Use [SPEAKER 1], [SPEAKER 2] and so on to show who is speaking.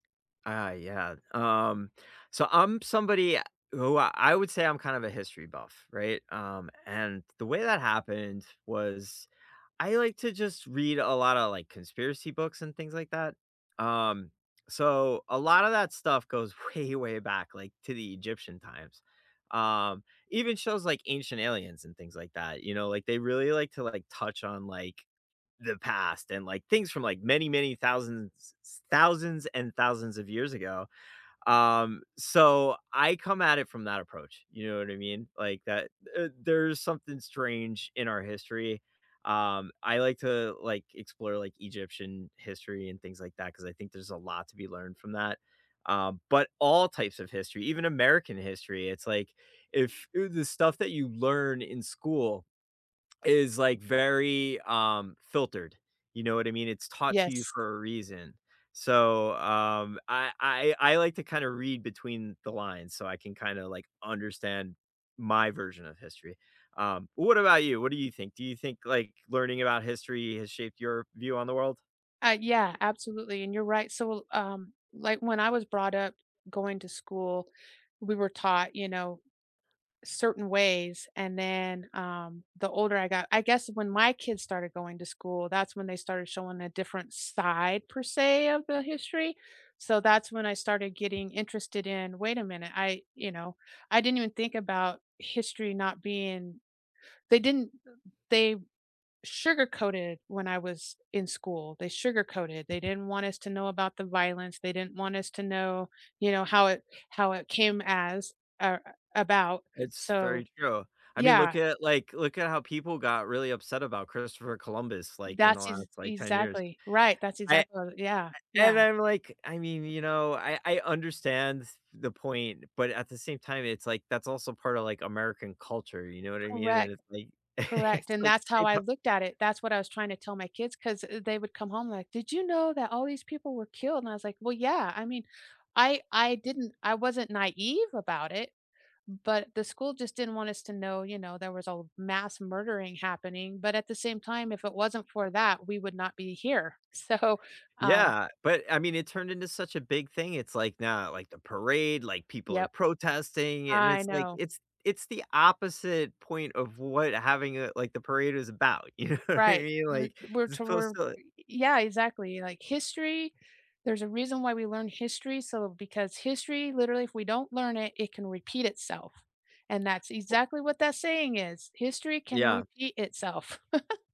[SPEAKER 1] I yeah, um, so, I'm somebody who I would say I'm kind of a history buff, right, um, and the way that happened was- I like to just read a lotta, like, conspiracy books and things like that, um, so a lotta that stuff goes way, way back, like, to the Egyptian times. Um, even shows like Ancient Aliens and things like that, you know? Like, they really like to, like, touch on, like, the past and, like, things from, like, many, many thousands s thousands and thousands of years ago, um, so I come at it from that approach, you know what I mean? Like, that th there's something strange in our history, um, I like to, like, explore, like, Egyptian history and things like that 'cause I think there's a lot to be learned from that, um, but all types of history, even American history, it's like if, eh, the stuff that you learn in school is, like, very, um, filtered, you know what I mean? It's taught to you
[SPEAKER 2] Yes.
[SPEAKER 1] for a reason, so, um, I I I like to kinda read between the lines so I can kinda, like, understand my version of history, um, what about you, what do you think, do you think, like, learning about history has shaped your view on the world?
[SPEAKER 2] Ah, yeah, absolutely, and you're right, so, l um, like, when I was brought up going to school, we were taught, you know, certain ways, and then, um, the older I got I guess when my kids started going to school, that's when they started showing a different side, per se, of the history, so that's when I started getting interested in wait a minute, I you know, I didn't even think about history not being they didn't th they sugar-coated when I was in school, they sugar-coated. They didn't want us to know about the violence, they didn't want us to know, you know, how it how it came as, or, about,
[SPEAKER 1] It's
[SPEAKER 2] so,
[SPEAKER 1] very true, I mean, look
[SPEAKER 2] yeah.
[SPEAKER 1] at, like look at how people got really upset about Christopher Columbus, like, in the
[SPEAKER 2] That's ex
[SPEAKER 1] last, like, 10 years.
[SPEAKER 2] exactly right, that's
[SPEAKER 1] I I
[SPEAKER 2] exactly what I yeah,
[SPEAKER 1] and
[SPEAKER 2] yeah.
[SPEAKER 1] I'm like I mean, you know, I I understand s the point, but at the same time, it's like that's also part of, like, American culture, you know what I mean, and
[SPEAKER 2] Correct.
[SPEAKER 1] it's like
[SPEAKER 2] Correct,
[SPEAKER 1] it's
[SPEAKER 2] and
[SPEAKER 1] like
[SPEAKER 2] that's how
[SPEAKER 1] it
[SPEAKER 2] I
[SPEAKER 1] har
[SPEAKER 2] looked at it, that's what I was trying to tell my kids 'cause th they would come home like, "Did you know that all these people were killed?" And I was like, "Well, yeah," I mean, I I didn't I wasn't naive about it, but the school just didn't want us to know, you know, there was a l mass murdering happening, but at the same time, if it wasn't for that, we would not be here. So. Um
[SPEAKER 1] Yeah, but, I mean, it turned into such a big thing, it's like now, like, the parade, like, people are
[SPEAKER 2] Yep.
[SPEAKER 1] protesting, and
[SPEAKER 2] I
[SPEAKER 1] it's like
[SPEAKER 2] know.
[SPEAKER 1] it's it's the opposite point of what having a like what the parade is about. You know what I
[SPEAKER 2] Right,
[SPEAKER 1] mean?
[SPEAKER 2] we
[SPEAKER 1] Like,
[SPEAKER 2] we're
[SPEAKER 1] it's supposed
[SPEAKER 2] tor
[SPEAKER 1] to l
[SPEAKER 2] y yeah, exactly, like history, there's a reason why we learn history, so because history literally if we don't learn it, it can repeat itself, and that's
[SPEAKER 1] Wha
[SPEAKER 2] exactly what that saying is, "History can
[SPEAKER 1] Yeah.
[SPEAKER 2] repeat itself."